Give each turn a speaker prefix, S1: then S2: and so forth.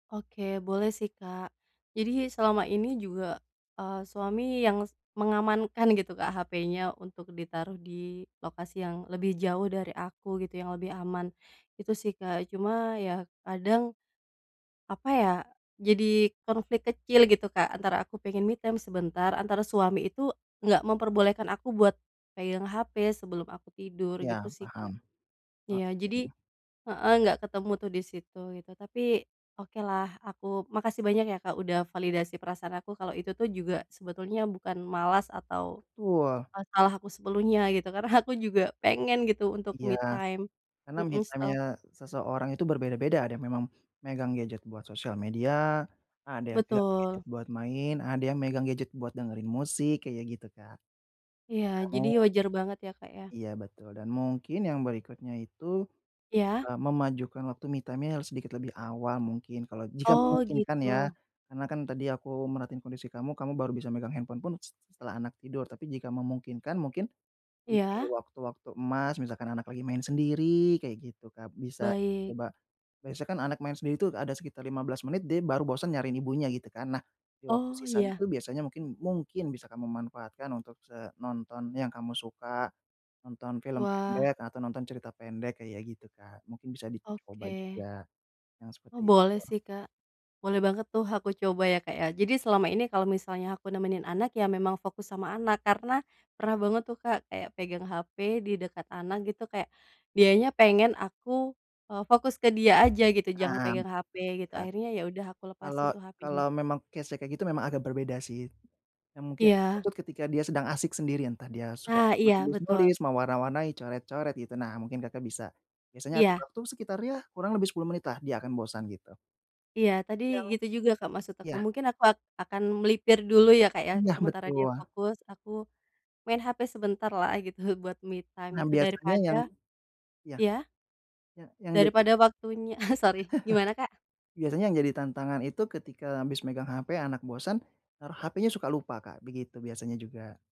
S1: Oke, boleh sih, Kak, jadi selama ini juga, eee, suami yang, s mengamankan gitu, Kak, hapenya untuk ditaruh di lokasi yang lebih jauh dari aku, gitu, yang lebih aman, Itu sih, Kak. Cuma ya kadang, apa ya, jadi konflik kecil, gitu, Kak, antara aku pengen me time sebentar, antara suami itu, nggak memperbolehkan aku buat pegang hape sebelum aku tidur, gitu
S2: Ya,
S1: sih, Kak.
S2: paham.
S1: Ya
S2: Oke.
S1: jadi heeh, nggak ketemu tuh di situ, gitu. Tapi, oke lah, aku makasih banyak ya, Kak, udah validasi perasaan aku, kalau itu tuh juga sebetulnya bukan malas atau,
S2: Wah.
S1: eee, salah aku sepenuhnya gitu, karena aku juga pengen gitu, untuk
S2: Iya.
S1: me time.
S2: Karena me
S1: Mhm, setelah
S2: time-nya seseorang itu berbeda-beda, ada yang memang megang gadget buat sosial media, ada yang pegang gadget
S1: Betul.
S2: buat main, ada yang megang gadget buat dengerin musik, kayak gitu, Kak.
S1: Iya, jadi
S2: Namun
S1: wajar banget ya, Kak, ya.
S2: Iya betul, dan mungkin yang berikutnya itu,
S1: Ya?
S2: eee, memajukan waktu me time-nya harus sedikit lebih awal, mungkin, kalau jika
S1: Oh
S2: memungkinkan ya,
S1: gitu.
S2: karena kan tadi aku merhatiin kondisi kamu, kamu baru bisa megang handphone pun s setelah anak tidur, tapi jika memungkinkan, mungkin di
S1: Ya?
S2: waktu-waktu emas, misalkan anak lagi main sendiri kek gitu, Kak, bisa
S1: Baik.
S2: coba, biasanya kan anak main sendiri itu ada sekitar 15 menit, dia baru bosan nyariin ibunya gitu, kan. Nah di waktu
S1: Oh
S2: sisanya
S1: ya.
S2: itu, biasanya mungkin mungkin bisa kamu manfaatkan untuk, se nonton yang kamu suka, nonton film
S1: Wah.
S2: pendek atau nonton cerita pendek, kayak gitu, Kak, mungkin bisa dicoba
S1: Oke.
S2: juga yang
S1: Oh,
S2: seperti itu.
S1: boleh sih, Kak. Boleh banget tuh, aku coba ya, Kak, ya. Jadi selama ini kalau misalnya aku nemenin anak, ya memang fokus sama anak karena, pernah banget tuh, Kak, kayak pegang hape di dekat anak gitu, kek dianya pengen aku, eee, fokus ke dia aja, gitu, jangan
S2: Nah,
S1: pegang hape, gitu,
S2: ya.
S1: akhirnya ya udah aku
S2: Kalo
S1: lepasin tuh
S2: kalo
S1: hapenya.
S2: memang case-nya kayak gitu, memang agak berbeda sih. Ya mungkin
S1: Iya.
S2: tuh ketika dia sedang asik sendirian, entah dia suka
S1: Ah, iya betul.
S2: menulis-nulis, mewarna-warnai, coret-coret, gitu, nah mungkin Kakak bisa, biasanya atur
S1: Iya.
S2: waktu sekitar, ya kurang lebih 10 menitlah, dia akan bosan, gitu.
S1: Iya, tadi
S2: Ya.
S1: gitu juga, Kak, maksud aku.
S2: Ya.
S1: Mungkin aku ak akan melipir dulu ya, Kak, ya,
S2: Nah,
S1: sementara dia
S2: betul.
S1: fokus, aku, main HP sebentarlah, gitu, buat me time
S2: Nah,
S1: itu,
S2: biasanya,
S1: daripada
S2: yang ya.
S1: ya?
S2: Ya yang jadi
S1: Daripada waktunya sori, gimana Kak?
S2: Biasanya yang jadi tantangan itu ketika habis megang hape, anak bosan, har hapenya suka lupa, Kak, begitu biasanya juga.